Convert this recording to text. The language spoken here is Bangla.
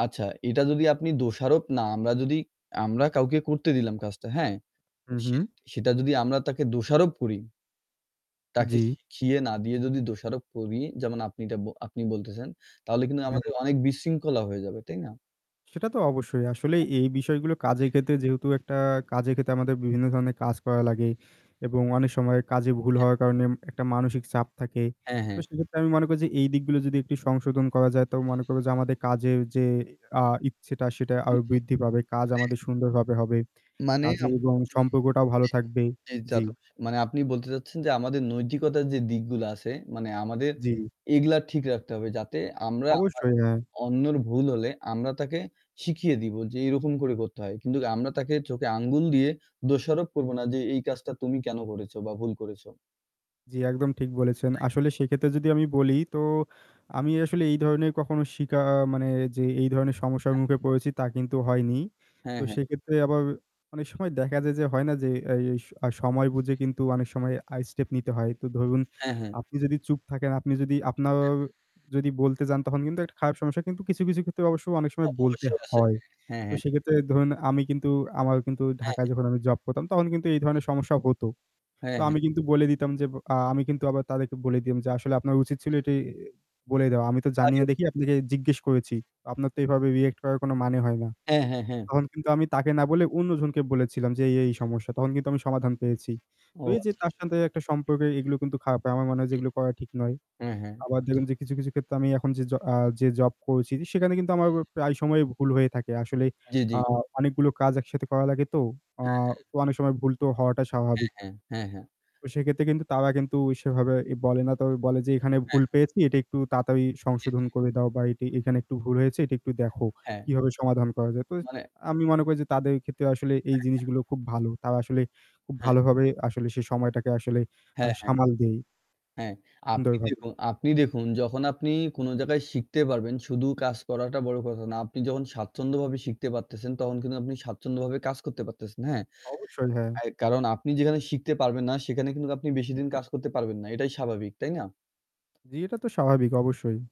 আচ্ছা এটা যদি আপনি দোষারোপ না আমরা যদি আমরা কাউকে করতে দিলাম কাজটা হ্যাঁ, হু, সে হু। সেটা যদি আমরা তাকে দোষারোপ করি। তাকে জী। শিখিয়ে না দিয়ে যদি দোষারোপ করি, যেমন আপনি এতা আপনি বলতেছেন, তাহলে কিন্তু আমাদের হুম। অনেক বিশৃঙ্খলা হয়ে যাবে। তাই না? সেটা তো অবশ্যই আসলে অ্যা এই বিষয়গুলো কাজের জি, জি। ক্ষেত্রে যেহেতু একটা কাজের ক্ষেত্রে আমাদের বিভিন্ন ধরনের কাজ করা লাগে এবং অনেক সময় কাজে ভুল অ্যা হওয়ার কারণে একটা মানসিক চাপ থাকে হ্যাঁ, তো হ্যাঁ। সেক্ষেত্রে আমি মনে করি যে এই দিকগুলো যদি একটু সংশোধন করা যায় তো মনে করবো যে আমাদের কাজের যে অ্যা ইচ্ছেটা সেটা জী, জী আরও বৃদ্ধি পাবে কাজ মানে আমাদের সুন্দরভাবে হবে মানে, কাজে আম এবং সম্পর্কটাও ভালো থাকবে। জি। জি, জী। জি। [unintelligible] মানে আপনি বলতে চাচ্ছেন যে আমাদের নৈতিকতার যে দিকগুলো আছে মানে আমাদের জী। এগুলা ঠিক রাখতে হবে যাতে আমরা হয় অবশ্যই হ্যাঁ। অন্যের ভুল হলে আমরা তাকে শিখিয়ে দিব যে এরকম করে করতে হয়। কিন্তু আমরা তাকে চোখে আঙ্গুল দিয়ে দোষারোপ করব না যে, "এই কাজটা তুমি কেন করেছো বা ভুল করেছো।" জী, একদম ঠিক বলেছেন। তাই তো। আসলে সেক্ষেত্রে যদি আমি বলি তো আমি আসলে এই ধরনের কখনো শিকা মানে যে এই ধরনের সমস্যার [unintelligible] মুখে পড়েছি তা কিন্তু হয়নি। হ্যাঁ, তো হ্যাঁ। সেক্ষেত্রে আবার অনেক সময় দেখা যায় যে হয় না যে এই এই সময় বুঝে কিন্তু অনেক সময় আ স্টেপ নিতে হয়। তো ধরুন হ্যাঁ, হ্যাঁ। আপনি যদি চুপ থাকেন আপনি যদি আপনার অ্যা হ্যাঁ। যদি বলতে যান তখন কিন্তু একটা খারাপ সমস্যা কিন্তু কিছু, কিছু ক্ষেত্রে অবশ্য অনেক তা সময় তো বলতে অবশ্যই আছে। হয়। হ্যাঁ, হ্যাঁ, তো হ্যাঁ। সেক্ষেত্রে ধরুন আমি কিন্তু আমার কিন্তু হ্যাঁ, ঢাকায় হ্যাঁ। যখন আমি জব করতাম তখন কিন্তু এই ধরনের সমস্যা হতো। হ্যাঁ, তো হ্যাঁ। আমি কিন্তু বলে দিতাম যে আ আমি কিন্তু আবার তাদেরকে বলে দিম যে আসলে আপনার উচিত ছিল [unintelligible] এটি বলে দেওয়া। আমি তো জানি না আগে দেখি আপনাকে জিজ্ঞেস করেছি। আপনার তো এভাবে রিঅ্যাক্ট করার কোন মানে হয় না। হ্যাঁ, হ্যাঁ, হ্যাঁ। তখন কিন্তু আমি তাকে না বলে অন্যজনকে বলেছিলাম যে এই, হ্যাঁ, এই হ্যাঁ। সমস্যা। তখন কিন্তু আমি সমাধান পেয়েছি। ও তো এই যে আচ্ছা, তার আচ্ছা। সাথে একটা সম্পর্ক এগুলো কিন্তু খারাপ হয়। আমার মনে হয় যে এগুলো করা ঠিক নয়। হ্যাঁ, হ্যাঁ। আবার আচ্ছা। দেখবেন যে কিছু, কিছু ক্ষেত্রে আমি এখন যে জ আ যে জব করছি সেখানে কিন্তু আমার জি, জি। প্রায় সময়ই ভুল হয়ে থাকে। আসলে জী, আ জী। অনেকগুলো কাজ একসাথে করা লাগে তো। আ হ্যাঁ, হ্যাঁ। অনেক সময় ভুল তো হওয়াটা হ্যাঁ, স্বাভাবিক। হ্যাঁ, হ্যাঁ, হ্যাঁ। তো সেক্ষেত্রে কিন্তু তারা কিন্তু সেভাবে এ বলে না তবে বলে যে, "এখানে হ্যাঁ। ভুল পেয়েছি। এটা একটু তাড়াতাড়ি জী, সংশোধন জী। করে দাও বা এটি এখানে একটু ভুল হয়েছে। এটা একটু দেখো। হ্যাঁ, কিভাবে সমাধান করা যায়।" তো ইস মানে আমি মনে করি যে তাদের ক্ষেত্রে আসলে এই হ্যাঁ, হ্যাঁ। জিনিসগুলো খুব ভালো। তারা আসলে খুব হ্যাঁ। ভালোভাবে আসলে সেই সময়টাকে আসলে আ হ্যাঁ, হ্যাঁ। সামাল দেই। হ্যাঁ, সুন্দর আপনি ভাবে। দেখুন আপনি দেখুন যখন আপনি কোন জায়গায় শিখতে পারবেন, শুধু কাজ করাটা বড় কথা না। আপনি যখন স্বাচ্ছন্দ্যভাবে শিখতে পারতেছেন তখন কিন্তু আপনি স্বাচ্ছন্দ্যভাবে কাজ করতে পারতেছেন। হ্যাঁ। অবশ্যই হ্যাঁ। অ্যা কারণ আপনি যেখানে শিখতে পারবেন না সেখানে কিন্তু আপনি বেশি দিন কাজ করতে পারবেন না। এটাই স্বাভাবিক। তাই না? জী, এটা তো স্বাভাবিক অবশ্যই।